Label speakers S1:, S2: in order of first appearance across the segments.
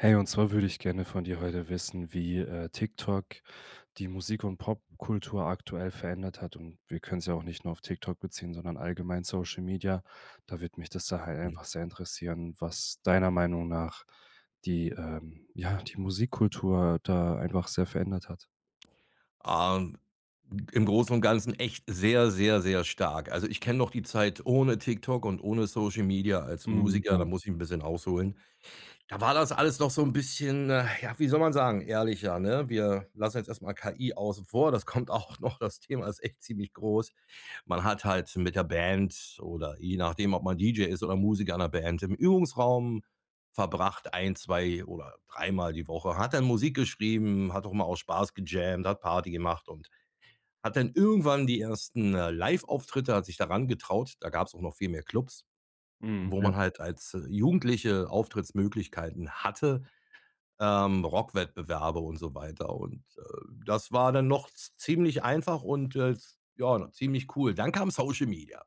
S1: Hey, und zwar würde ich gerne von dir heute wissen, wie, äh, TikTok die Musik und Popkultur aktuell verändert hat. Und wir können es ja auch nicht nur auf TikTok beziehen, sondern allgemein Social Media. Da würde mich das da halt
S2: Mhm.
S1: einfach sehr interessieren, was deiner Meinung nach die, ähm, ja, die Musikkultur da einfach sehr verändert hat.
S2: Ähm, g im Großen und Ganzen echt sehr, sehr, sehr stark. Also, ich kenne noch die Zeit ohne TikTok und ohne Social Media als
S1: Mhm.
S2: Musiker, da
S1: Ja.
S2: muss ich 'n bisschen ausholen. Da war das alles doch so 'n bisschen, äh, ja, wie soll man sagen, ehrlicher, ne? Wir lassen jetzt erst mal KI außen vor, das kommt auch noch, das Thema ist echt ziemlich groß. Man hat halt mit der Band oder je nachdem, ob man DJ ist oder Musiker in 'ner Band, im Übungsraum verbracht, 1, 2 oder Mal die Woche, hat dann Musik geschrieben, hat auch mal aus Spaß gejammt, hat Party gemacht und hat dann irgendwann die 1., äh, Liveauftritte, hat sich daran getraut. Da gab's auch noch viel mehr Klubs,
S1: Mhm.
S2: wo
S1: Ja.
S2: man halt als Jugendliche Auftrittsmöglichkeiten hatte, ähm, Rockwettbewerbe und so weiter. Und, äh, das war dann noch z ziemlich einfach und, äh, s ja, ziemlich cool. Dann kam Social Media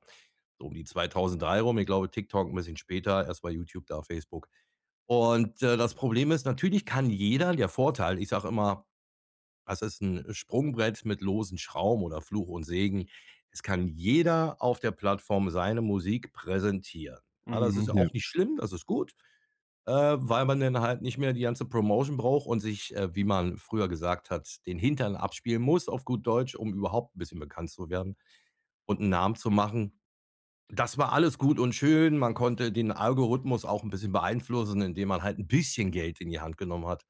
S2: so um die 2003 rum. Ich glaube, TikTok 'n bisschen später, erstmal YouTube, da Facebook. Und, äh, das Problem ist, natürlich kann jeder der Vorteil, ich sage immer, das ist 'n Sprungbrett mit losen Schrauben oder Fluch und Segen es kann jeder auf der Plattform seine Musik präsentieren. Ja, das ist
S1: Mhm.
S2: ja
S1: Ja.
S2: auch nicht schlimm, das ist gut, äh, weil man denn halt nicht mehr die ganze Promotion braucht und sich, äh, wie man früher gesagt hat, den Hintern abspielen muss, auf gut Deutsch, um überhaupt 'n bisschen bekannt zu werden und 'n Namen zu machen. Das war alles gut und schön. Man konnte den Algorithmus auch 'n bisschen beeinflussen, indem man halt 'n bisschen Geld in die Hand genommen hat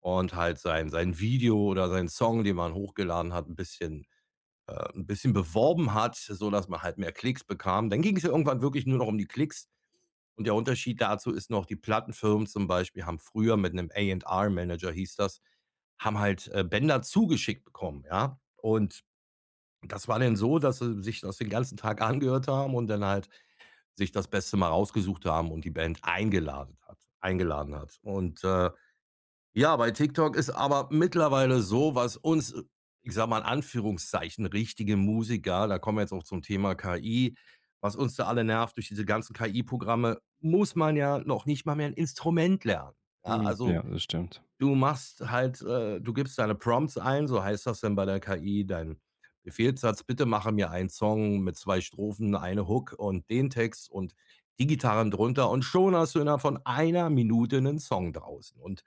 S2: und halt sein sein Video oder seinen Song, den man hochgeladen hat, 'n bisschen, äh, 'n bisschen beworben hat, sodass man halt mehr Klicks bekam. Dann ging's ja irgendwann wirklich nur noch um die Klicks. Und der Unterschied dazu ist noch, die Plattenfirmen zum Beispiel haben früher mit 'nem A&R Manager hieß das haben halt, äh, Bänder zugeschickt bekommen, ja? Und das war denn so, dass sie sich das den ganzen Tag angehört haben und dann halt sich das Beste mal rausgesucht haben und die Band eingeladen hat eingeladen hat. Und, äh, ja, bei TikTok ist aber mittlerweile so, was uns, ich sage mal, in Anführungszeichen, richtige Musiker da kommen wir jetzt auch zum Thema KI was uns da alle nervt, durch diese ganzen KI-Programme muss man ja noch nicht mal mehr 'n Instrument lernen. Ja,
S1: Mhm. Ja,
S2: also
S1: das stimmt.
S2: du machst halt äh, du gibst deine Prompts ein, so heißt das dann bei der KI, dein Befehlssatz. „Bitte mache mir einen Song mit 2 Strophen, 1 Hook und den Text und die Gitarren drunter." und schon hast du innerhalb von 1 Minute 'nen Song draußen und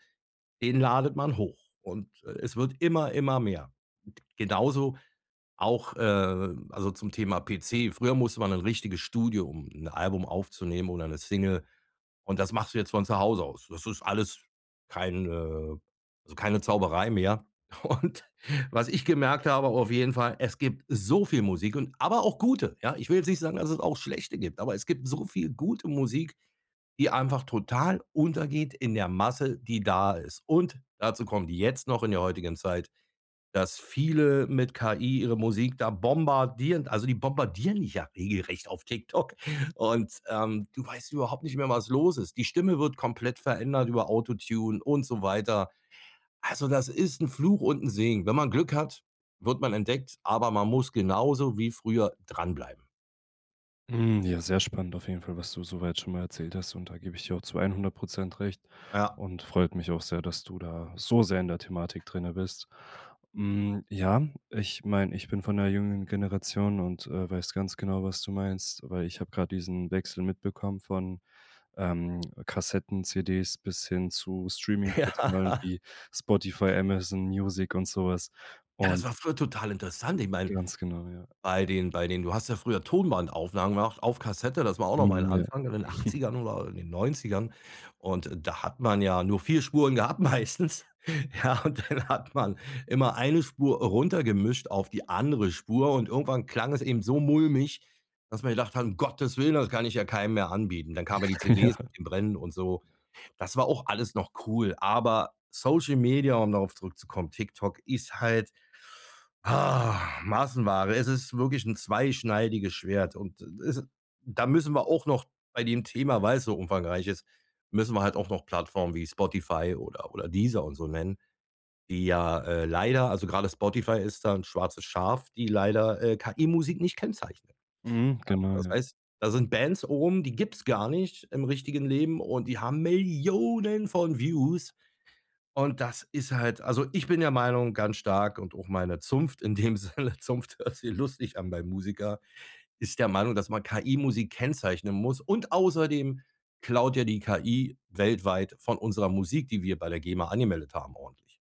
S2: den ladet man hoch und, äh, es wird immer, immer mehr. Genauso auch, äh also zum Thema PC. Früher musste man in 'n richtiges Studio, um 'n Album aufzunehmen oder 'ne Single, und das machst du jetzt von zu Hause aus. Das ist alles kein, äh also keine Zauberei mehr. Und was ich gemerkt habe auf jeden Fall, es gibt so viel Musik und aber auch gute, ja? Ich will jetzt nicht sagen, dass es auch schlechte gibt, aber es gibt so viel gute Musik, die einfach total untergeht in der Masse, die da ist. Und dazu kommt jetzt noch in der heutigen Zeit, dass viele mit KI ihre Musik da bombardieren. Also, die bombardieren dich ja regelrecht auf TikTok und, ähm, du weißt überhaupt nicht mehr, was los ist. Die Stimme wird komplett verändert über „AutoTune“ und so weiter. Also, das ist 'n Fluch und 'n Segen. Wenn man Glück hat, wird man entdeckt, aber man muss genauso wie früher dranbleiben.
S1: Mhm, ja, sehr spannend auf jeden Fall, was du so weit schon mal erzählt hast. Und da gebe ich dir auch zu 100 % recht
S2: Ja.
S1: und freut mich auch sehr, dass du da so sehr in der Thematik drinnen bist. Hm, ja, ich meine, ich bin von 'ner jüngeren Generation und, äh, weiß ganz genau, was du meinst. Weil ich habe grad diesen Wechsel mitbekommen von, ähm, Kassetten, CDs bis hin zu Streaming-Portalen
S2: Ja.
S1: wie Spotify, Amazon Music und so was.
S2: Ja, das
S1: Und
S2: war früher total interessant. Ich meine,
S1: Ganz genau, ja.
S2: bei den bei den du hast ja früher Tonbandaufnahmen gemacht auf Kassette, das war auch noch mal 'n
S1: Mhm, ja.
S2: Anfang in den 80ern oder in den 90ern. Und da hat man ja nur 4 Spuren gehabt meistens, ja, und dann hat man immer eine Spur runtergemischt auf die andere Spur und irgendwann klang es eben so mulmig, dass man gedacht hat: „Um Gottes Willen, das kann ich ja keinem mehr anbieten.“ Dann kamen ja die
S1: Ja.
S2: CDs mit dem Brennen und so. Das war auch alles noch cool. Aber Social Media, um darauf zurückzukommen, TikTok, ist halt, ah, Massenware. Es ist wirklich 'n zweischneidiges Schwert und, äh, ist, äh da müssen wir auch noch bei dem Thema- weil's so umfangreich ist- müssen wir halt auch noch Plattformen wie Spotify oder oder Deezer und so nennen, die ja, äh, leider also gerade Spotify ist da 'n schwarzes Schaf, die leider, äh, KI-Musik nicht kennzeichnen.
S1: Mhm, genau,
S2: Das
S1: ja.
S2: heißt, da sind Bands oben, die gibt's gar nicht im richtigen Leben und die haben Millionen von Views. Und das ist halt also ich bin der Meinung ganz stark und auch meine Zunft in dem Sinne, Zunft hört sich lustig an beim Musiker, ist der Meinung, dass man KI-Musik kennzeichnen muss. Und außerdem klaut ja die KI weltweit von unserer Musik, die wir bei der GEMA angemeldet haben, ordentlich.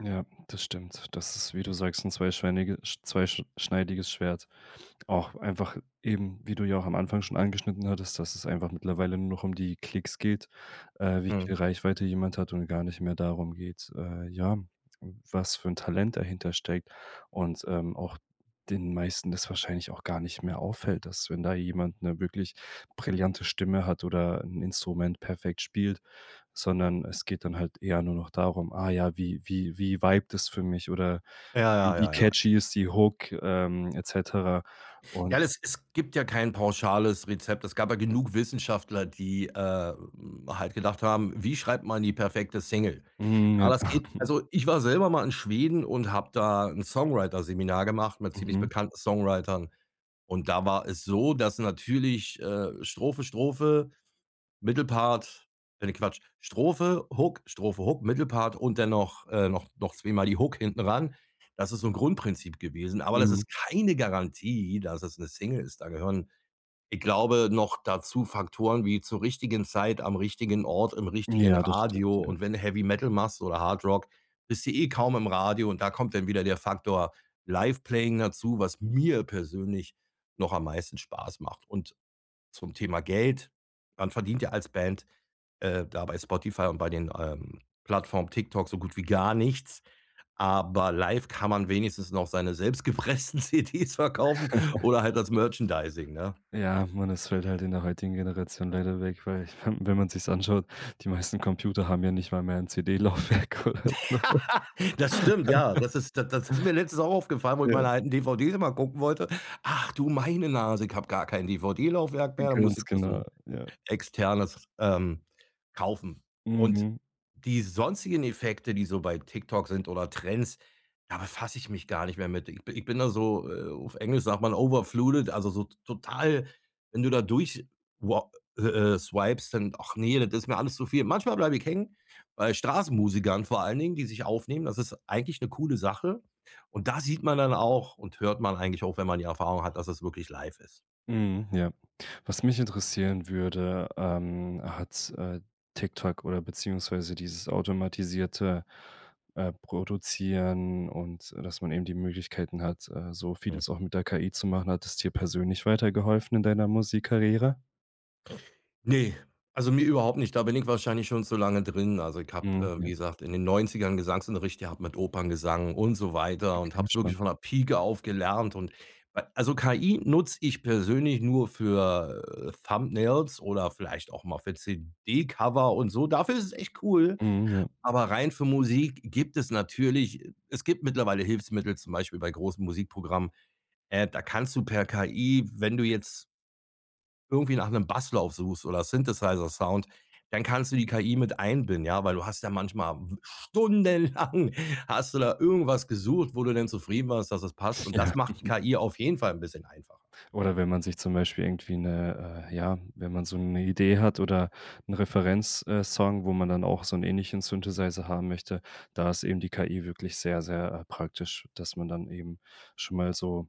S1: Ja, das stimmt. Das ist, wie du sagst, 'n zweischweinige Sch zweisch schneidiges Schwert auch einfach eben, wie du ja auch am Anfang schon angeschnitten hattest, dass es einfach mittlerweile nur noch um die Klicks geht, äh, wie
S2: Mhm.
S1: viel Reichweite jemand hat und gar nicht mehr darum geht, äh, ja, was für 'n Talent dahinter steckt und, ähm, auch den meisten das wahrscheinlich auch gar nicht mehr auffällt, dass wenn da jemand 'ne wirklich brillante Stimme hat oder 'n Instrument perfekt spielt, sondern es geht dann halt eher nur noch darum, ah ja, wie wie wie vibet es für mich oder
S2: Ja, ja,
S1: wie
S2: ja, ja.
S1: catchy ist die Hook, ähm, et cetera. Un
S2: Ja, es es gibt ja kein pauschales Rezept. Es gab ja genug Wissenschaftler, die, äh, hm, halt gedacht haben: „Wie schreibt man die perfekte Single?“
S1: Mhm.
S2: Ja, das geht, also ich war selber mal in Schweden und habe da 'n Songwriter Seminar gemacht mit ziemlich
S1: Mhm.
S2: bekannten Songwritern und da war es so, dass natürlich, äh, Strophe, Strophe, Mittelpart äh, ne, Quatsch, Strophe, Hook, Strophe, Hook, Mittelpart und dann noch, äh, noch noch zweimal die Hook hinten ran. Das ist so 'n Grundprinzip gewesen, aber das
S1: Mhm.
S2: ist keine Garantie, dass es 'ne Single ist. Da gehören, ich glaube, noch dazu Faktoren wie zur richtigen Zeit am richtigen Ort im richtigen
S1: Ja, das stimmt.
S2: Radio
S1: Ja.
S2: und wenn du Heavy Metal machst oder Hard Rock, bist du eh kaum im Radio und da kommt dann wieder der Faktor Live playing dazu, was mir persönlich noch am meisten Spaß macht. Und, zum Thema Geld, man verdient ja als Band, äh, da bei Spotify und bei den, ähm, Plattformen TikTok so gut wie gar nichts, aber live kann man wenigstens noch seine selbst gepressten CDs verkaufen oder halt das Merchandising, ne?
S1: Ja, man das fällt halt in der heutigen Generation leider weg, weil wenn man sich's anschaut, die meisten Computer haben ja nicht mal mehr 'n CD Laufwerk oder so was.
S2: Das stimmt, ja. Das ist das das ist mir letztens auch aufgefallen, wo ich
S1: Ja.
S2: meine alten DVDs einmal gucken wollte. Ach, du, meine Nase, ich habe gar kein DVD Laufwerk mehr. Muss ich
S1: Ganz
S2: da so 'n
S1: genau. Ja.
S2: Externes, ähm, kaufen. Und
S1: Mhm.
S2: die sonstigen Effekte, die so bei TikTok sind oder Trends, da befasse ich mich gar nicht mehr mit. Ich bi ich bin da so, äh, auf Englisch sagt man, overflooded, also so total, wenn du da durch wa äh äh, swipst dann ach ne, das ist mir alles zu viel. Manchmal bleibe ich hängen bei Straßenmusikern vor allen Dingen, die sich aufnehmen. Das ist eigentlich 'ne coole Sache. Und da sieht man dann auch und hört man eigentlich auch, wenn man die Erfahrung hat, dass es wirklich live ist.
S1: Mhm. Ja. Was mich interessieren würde, ähm, hat, äh, TikTok oder beziehungsweise dieses automatisierte, äh, Produzieren und, dass man eben die Möglichkeiten hat, äh, so
S2: Hm.
S1: vieles auch mit der KI zu machen, hat es dir persönlich weitergeholfen in deiner Musikkarriere?
S2: Ne, also mir überhaupt nicht, da bin ich wahrscheinlich schon zu lange drin. Also ich
S1: Mhm,
S2: habe,
S1: ja.
S2: wie gesagt, in den 90ern Gesangsunterricht gehabt mit Operngesang und so weiter und
S1: Okay,
S2: habe es wirklich
S1: spannend.
S2: von der Pieke auf gelernt. Und weil also KI nutze ich persönlich nur für, äh, Thumbnails oder vielleicht auch mal für CD-Cover und so. Dafür ist es echt cool.
S1: Mhm, ja.
S2: Aber rein für Musik gibt es natürlich es gibt mittlerweile Hilfsmittel, zum Beispiel bei großen Musikprogrammen. Äh, da kannst du per KI, wenn du jetzt irgendwie nach 'nem Basslauf suchst oder Synthesizer-Sound, dann kannst du die KI mit einbinden, ja. Weil du hast ja manchmal w stundenlang hast du da irgendwas gesucht, wo du denn zufrieden warst, dass es passt und
S1: Ja
S2: das macht die KI auf jeden Fall 'n bisschen einfacher.
S1: Oder wenn man sich zum Beispiel irgendwie 'ne äh, ja, wenn man so 'ne Idee hat oder 'n Referenz, äh, Song, wo man dann auch so 'n ähnlichen Synthesizer haben möchte, da ist eben die KI wirklich sehr, sehr, äh, praktisch, dass man dann eben schon mal so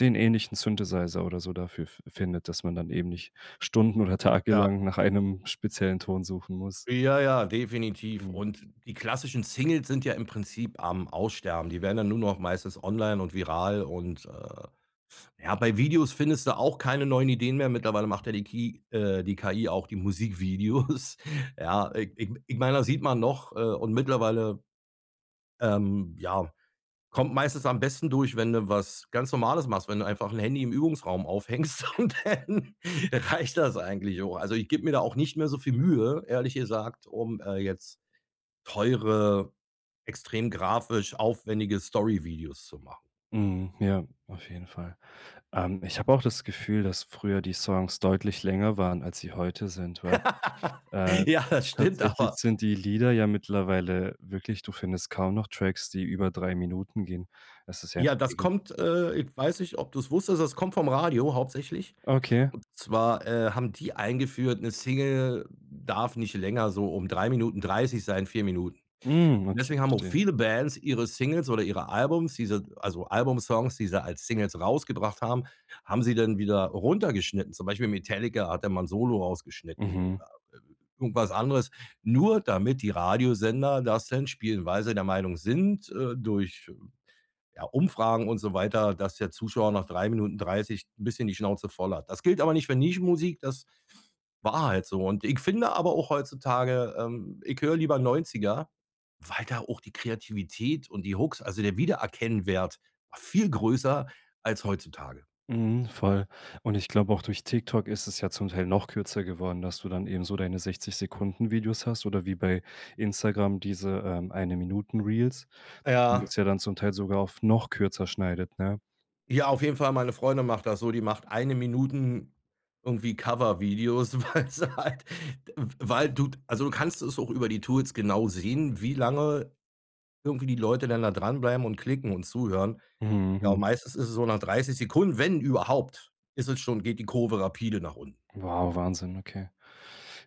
S1: den ähnlichen Synthesizer oder so dafür fi findet, dass man dann eben nicht stunden oder
S2: Ja.
S1: tagelang nach einem speziellen Ton suchen muss.
S2: Ja, ja, definitiv.
S1: Mhm.
S2: Und die klassischen Singles sind ja im Prinzip am Aussterben. Die werden dann nur noch meistens online und viral und, äh ja, bei Videos findest du auch keine neuen Ideen mehr. Mittlerweile macht ja die Ki äh, die KI auch die Musikvideos. Ja, ich ich ich meine, das sieht man noch äh, und mittlerweile, ähm, ja, kommt meistens am besten durch, wenn du was ganz Normales machst, wenn du einfach 'n Handy im Übungsraum aufhängst und dann reicht das eigentlich auch. Also ich gebe mir da auch nicht mehr so viel Mühe, ehrlich gesagt, um, äh, jetzt teure, extrem grafisch aufwendige Story-Videos zu machen.
S1: Mhm, ja, auf jeden Fall. Ähm, ich habe auch das Gefühl, dass früher die Songs deutlich länger waren, als sie heute sind, weil, äh,
S2: Ja, das stimmt
S1: tatsächlich
S2: aber.
S1: sind die Lieder ja mittlerweile wirklich, du findest kaum noch Tracks, die über 3 Minuten gehen. Es ist ja 'n
S2: Ja, das
S1: [unintelligible]
S2: kommt, äh, ich weiß nicht, ob du's wusstest das kommt vom Radio hauptsächlich.
S1: Okay.
S2: Und zwar, äh, haben die eingeführt, 'ne Single darf nicht länger so um 3 Minuten 30 sein, 4 Minuten.
S1: Mhm,
S2: Und
S1: okay,
S2: deswegen haben auch
S1: verstehe.
S2: viele Bands ihre Singles oder ihre Albums, diese also Album-Songs, die sie als Singles rausgebracht haben, haben sie dann wieder runtergeschnitten. Zum Beispiel Metallica hat da mal 'n Solo rausgeschnitten,
S1: Mhm.
S2: oder irgendwas anderes, nur damit die Radiosender das denn spielen, weil sie der Meinung sind, äh, durch, ja, Umfragen und so weiter, dass der Zuschauer nach 3 Minuten 30 'n bisschen die Schnauze voll hat. Das gilt aber nicht für Nischen-Musik, das war halt so. Und ich finde aber auch heutzutage ähm, ich höre lieber 90er, weil da auch die Kreativität und die Hooks also der Wiedererkennungswert war viel größer als heutzutage.
S1: Mhm, voll. Und ich glaube, auch durch TikTok ist es ja zum Teil noch kürzer geworden, dass du dann eben so deine 60-Sekunden-Videos hast oder wie bei Instagram diese, ähm, Eine-Minuten-Reels, und
S2: Ja.
S1: das ja dann zum Teil sogar auf noch kürzer schneidet, ne?
S2: Ja, auf jeden Fall, meine Freundin macht das so, die macht Eine-Minuten irgendwie Cover-Videos, weil sie halt, d w weil du Also du kannst es auch über die Tools genau sehen, wie lange irgendwie die Leute dann da dranbleiben und klicken und zuhören.
S1: Mhm,
S2: Ja, und
S1: j
S2: meistens ist es so nach 30 Sekunden, wenn überhaupt ist es schon geht die Kurve rapide nach unten.
S1: Wow, Wahnsinn, okay.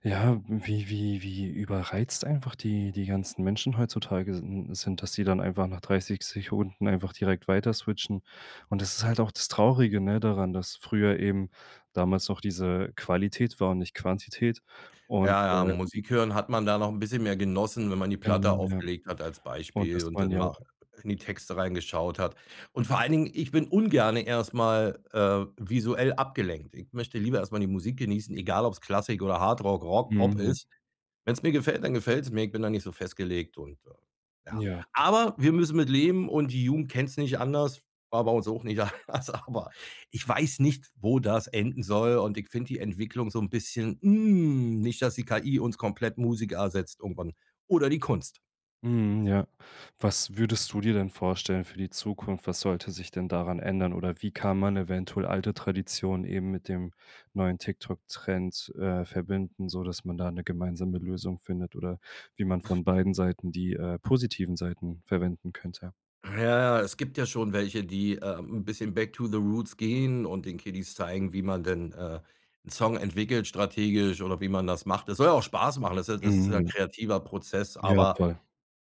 S1: Ja, wie wie wie überreizt einfach die die ganzen Menschen heutzutage sin sind, dass die dann einfach nach 30 Sekunden einfach direkt weiter switchen. Und das ist halt auch das traurige, ne, daran, dass früher eben damals noch diese Qualität war und nicht Quantität. Und,
S2: Ja, ja,
S1: äh [unintelligible]
S2: Musik hören hat man da noch 'n bisschen mehr genossen, wenn man die Platte
S1: Genau, ja.
S2: aufgelegt hat als
S1: Und
S2: Beispiel
S1: das
S2: und
S1: waren
S2: dann
S1: ja auch
S2: mal in die Texte reingeschaut hat. Und vor allen Dingen ich bin ungerne erst mal, äh, visuell abgelenkt. Ich möchte lieber erst mal die Musik genießen, egal ob's Klassik oder Hardrock, Rock, Pop
S1: Mhm, ja.
S2: ist. Wenn's mir gefällt, dann gefällt's mir. Ich bin da nicht so festgelegt und, äh, ja.
S1: Ja. Das ist
S2: Aber
S1: [unintelligible]
S2: wir müssen mit leben und die Jugend kennt's nicht anders, war bei uns auch nicht anders. Aber ich weiß nicht, wo das enden soll und ich finde die Entwicklung so 'n bisschen, hm Nicht, dass die KI uns komplett Musik ersetzt irgendwann oder die Kunst.
S1: Mhm, ja. Was würdest du dir denn vorstellen für die Zukunft? Was sollte sich denn daran ändern? Oder wie kann man eventuell alte Traditionen eben mit dem neuen TikTok Trend, äh, verbinden, sodass man da 'ne gemeinsame Lösung findet oder wie man von beiden Seiten die, äh, positiven Seiten verwenden könnte?
S2: Ja, ja, es gibt ja schon welche, die, äh, 'n bisschen back to the roots gehen und den Kiddies zeigen, wie man denn, äh, 'n Song entwickelt strategisch oder wie man das macht. Das soll ja auch Spaß machen, das ist das ist ja 'n
S1: Mhm.
S2: kreativer Prozess,
S1: Ja,
S2: aber
S1: voll.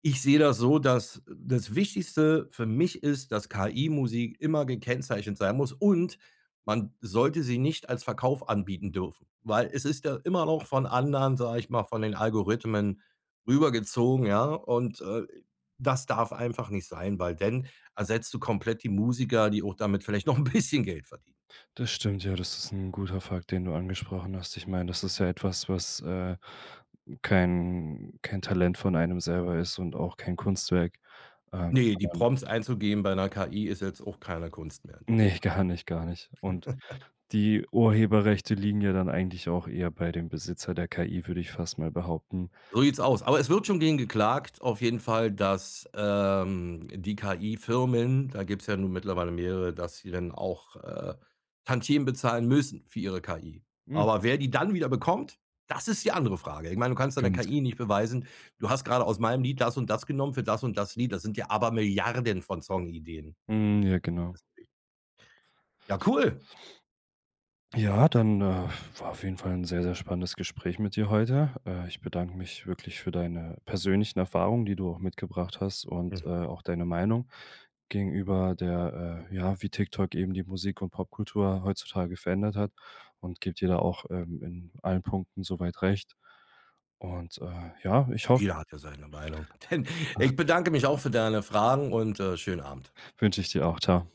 S2: ich sehe das so, das das Wichtigste für mich ist, dass KI Musik immer gekennzeichnet sein muss und man sollte sie nicht als Verkauf anbieten dürfen. Weil es ist ja immer noch von anderen, sage ich mal, von den Algorithmen rüber gezogen, ja? Und, äh, das darf einfach nicht sein, weil dann ersetzt du komplett die Musiker, die auch damit vielleicht noch 'n bisschen Geld verdienen.
S1: Das stimmt. Ja, das ist 'n guter Fakt, den du angesprochen hast. Ich meine, das ist ja etwas, was, äh, kein kein Talent von einem selber ist und auch kein Kunstwerk, äh,
S2: Ne, die
S1: sondern
S2: Prompts einzugeben bei 'ner KI ist jetzt auch keine Kunst mehr in dem
S1: Ne,
S2: Sinne.
S1: gar nicht, gar nicht. Und die Urheberrechte liegen ja dann eigentlich auch eher bei dem Besitzer der KI, würde ich fast mal behaupten.
S2: So sieht's aus. Aber es wird schon gegen geklagt auf jeden Fall, dass, ähm, die KI-Firmen da gibt's ja nun mittlerweile mehrere, dass sie dann auch, äh, Tantiemen bezahlen müssen für ihre KI.
S1: Mhm,
S2: Aber
S1: okay.
S2: wer die dann wieder bekommt, das ist die andere Frage. Ich meine, du kannst deine
S1: Ganz
S2: KI
S1: genau.
S2: nicht beweisen, du hast gerade aus meinem Lied das und das genommen für das und das Lied. Das sind ja Abermilliarden von Song-Ideen.
S1: Mhm, ja, genau.
S2: [unintelligible] Ja, cool.
S1: Ja, dann, äh, war auf jeden Fall 'n sehr, sehr spannendes Gespräch mit dir heute. Äh, ich bedanke mich wirklich für deine persönlichen Erfahrungen, die du auch mitgebracht hast und, äh, auch deine Meinung gegenüber der äh, ja, wie TikTok eben die Musik und Popkultur heutzutage verändert hat. Und gebe dir da auch, ähm, in allen Punkten so weit recht. Und, äh, ja, ich hoffe
S2: Jeder hat ja seine Meinung. Dann, ich bedanke mich auch für deine Fragen und, äh, schönen Abend.
S1: Wünsche ich dir auch. Tschau.